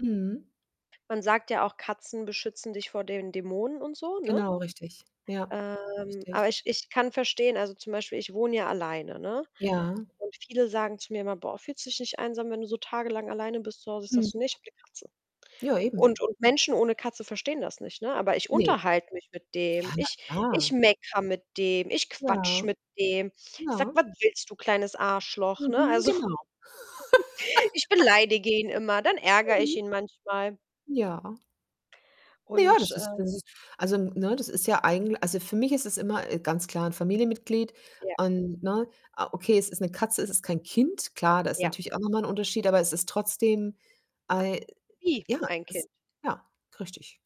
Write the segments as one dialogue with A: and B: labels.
A: Mhm.
B: Man sagt ja auch, Katzen beschützen dich vor den Dämonen und so, ne?
A: Genau, richtig. Ja,
B: Ähm, aber
A: richtig.
B: ich ich kann verstehen also, zum Beispiel ich wohne ja alleine, ne,
A: Ja.
B: und viele sagen zu mir immer „Boah, fühlst dich nicht einsam, wenn du so tagelang alleine bist zu Hause?“ Ich sage:
A: Mhm.
B: „Ne ich habe 'ne Katze.“
A: Ja, eben.
B: Und und Menschen ohne Katze verstehen das nicht, ne? Aber ich
A: Ne.
B: unterhalte mich mit dem. Ich
A: Ja, na
B: ich
A: klar.
B: meckere mit dem, ich
A: Ja,
B: quatsche mit dem. Ich sage:
A: ja.
B: „Was willst du, kleines Arschloch?“ ne?
A: Mhm,
B: Also,
A: genau.
B: ich beleidige ihn immer, dann ärgere ich
A: Mhm.
B: ihn manchmal.
A: Ja. Ja,
B: Und,
A: das ist
B: äh
A: das ist also, n ne, das ist ja eigentl also, für mich ist es immer e ganz klar 'n Familienmitglied
B: Ja.
A: und ne o okay, es ist 'ne Katze, es ist kein Kind, klar, da ist
B: Ja.
A: natürlich auch noch mal ein Unterschied, aber es ist trotzdem, ei
B: Wie
A: ja,
B: ein Kind
A: ist ja, richtig,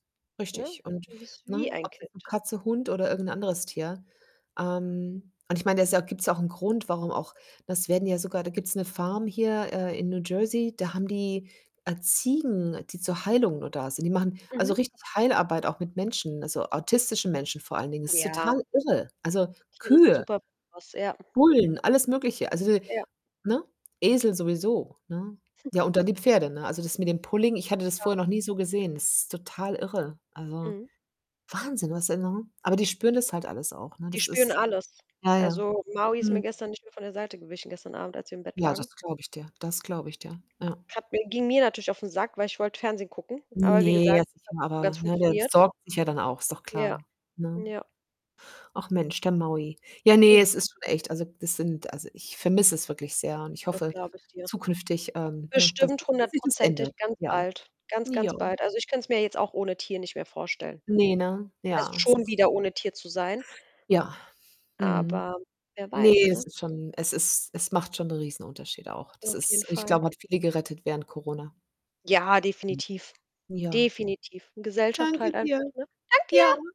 B: ne?
A: richtig, und
B: Das ist wie
A: ne,
B: ein
A: ob's jetzt 'ne
B: Kind.
A: Katze, Hund oder irgend 'n anderes Tier ähm, und ich meine, da ist ja auch gibt's auch ein Grund, warum auch ne, es werden ja sogar da gibt's 'ne Farm hier, äh, in New Jersey, da haben die, äh, Ziegen, die zur Heilung nur da sind. Die machen also
B: Mhm.
A: richtig Heilarbeit auch mit Menschen, also autistischen Menschen vor allen Dingen. Das ist
B: Ja.
A: total irre. Also,
B: Tiere sind
A: Kühe
B: super,, [unintelligible] ja.
A: Bullen, alles Mögliche, also [unintelligible]
B: Ja.
A: ne, Esel sowieso, ne? Ja, und dann die Pferde, ne? Also das mit dem Pulling, ich hatte das
B: Ja.
A: vorher noch nie so gesehen, das ist total irre. Also,
B: Mhm.
A: Wahnsinn, was da ne aber die spüren das halt alles auch, ne?
B: Die
A: Das
B: spüren
A: ist
B: alles.
A: ja, ja.
B: Also, Maui ist mir
A: Mhm.
B: gestern nicht mehr von der Seite gewichen, gestern Abend, als wir im Bett
A: Ja,
B: lagen.
A: das glaube ich dir. Das glaube ich dir. Ja.
B: Hat mir ging mir natürlich aufn Sack, weil ich wollte Fernsehen gucken. Aber wie
A: Ne,
B: gesagt,
A: jetzt
B: das
A: nicht
B: hat
A: mehr,
B: nicht so ganz
A: aber ne, der
B: funktioniert.
A: sorgt sich ja dann auch, ist doch
B: Ja,
A: klar, ne?
B: ja.
A: Ach Mensch, der Maui. Ja, ne,
B: Ja.
A: es ist schon echt also, das sind also, ich vermisse es wirklich sehr und ich
B: Das
A: hoffe
B: glaube ich dir.
A: zukünftig, ähm, ne, dass
B: Bestimmt
A: es dass sich das
B: hundertprozentig
A: ändert.
B: ganz
A: Ja.
B: bald. Ganz,
A: Ja.
B: ganz bald. Also, ich könnte es mir jetzt auch ohne Tier nicht mehr vorstellen.
A: Ne, ne,
B: Also,
A: ja. Es
B: schon
A: ist
B: wieder ohne Tier zu sein
A: Ja. Mhm.
B: aber wer weiß,
A: Ne, es
B: ne?
A: ist schon es ist es macht schon 'n Riesenunterschied auch. Das
B: Auf
A: ist
B: jeden
A: ich
B: Fall.
A: glaube, hat viele gerettet während Corona.
B: Ja,
A: Mhm.
B: definitiv.
A: Ja.
B: Definitiv. Gesellschaft
A: Danke
B: halt
A: dir.
B: einfach, ne? Danke dir.
A: Ja.